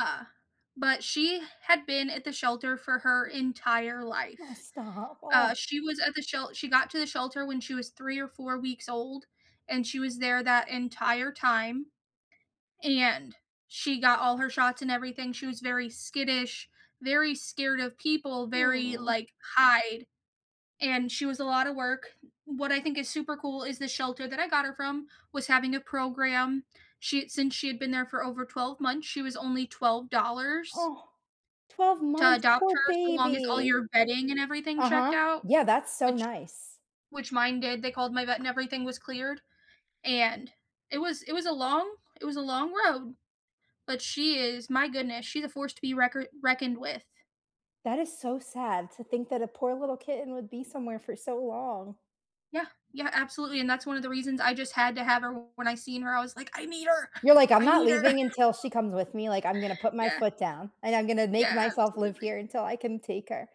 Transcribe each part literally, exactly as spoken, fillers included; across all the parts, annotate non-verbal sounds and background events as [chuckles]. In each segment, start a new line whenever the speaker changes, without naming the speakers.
Uh, but she had been at the shelter for her entire
Oh,
life.
stop.
Uh,
Oh
she was at the shel she got to the shelter when she was three or four weeks old, and she was there that entire time, and she got all her shots and everything, she was very skittish, very scared of people, very,
Mm.
like, hide. And she was a lotta work. What I think is super cool is the shelter that I got her from was having a program, she since she had been there for over twelve months, she was only twelve dollars
Oh. twelve
to
months?
adopt
Poor
her so long as all
baby.
your bedding and everything checked
Uh-huh.
out,
Yeah, that's so
which
nice.
which mine did. They called my vet and everything was cleared. And it was it was a long it was a long road, but she is my goodness, she's a force to be reckor reckoned with.
That is so sad to think that a poor little kitten would be somewhere for so long.
Yeah. Yeah, absolutely, and that's one of the reasons I just had to have her when I seen her, I was like, "I need her.
You're like, "I'm
I
not
need her."
leaving until
[chuckles]
she comes with me," like, "I'm gonna put my
Yeah.
foot down and I'm gonna make
Yeah,
myself live
absolutely.
here until I can take her."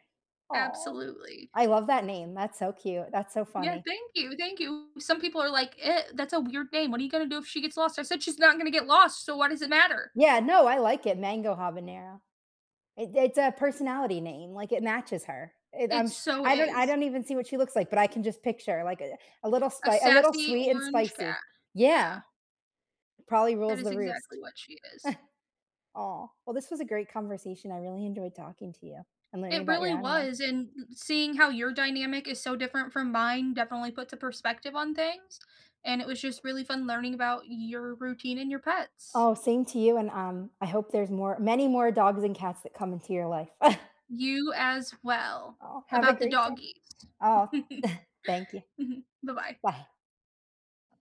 Aw.
Absolutely.
I love that name, that's so cute, that's so
Yeah,
funny.
thank you, thank you. Some people are, like, "Eh that's a weird name. What are gonna do if she gets lost?" I said, "She's not gonna get lost, so why does it matter?"
Yeah, no, I like it, Mango Habanero. It it's a personality name, like, it matches her. It,
It
um sh
so
I don't I
is.
don't even see what she looks like, but I can just picture, like, uh, a little
A
spi a little
sassy
sweet and
orange cat.
spicy. Yeah.
Yeah.
Probably
That
rules
is
the roost.
exactly what she is.
[chuckles] Aw, well this was a great conversation, I really enjoyed talking to you and learning
It
about your
really
animals.
was and seeing how your dynamic is so different from mine definitely puts a perspective on things, and it was just really fun learning about your routine and your pets.
Oh, same to you and, um, I hope there's more many more dogs and cats that come into your life. [chuckles]
You as well,
Aw, have a
about the
great day.
doggies.
Oh, [chuckles]
[chuckles]
thank you.
Mhm. Bye-bye.
Bye.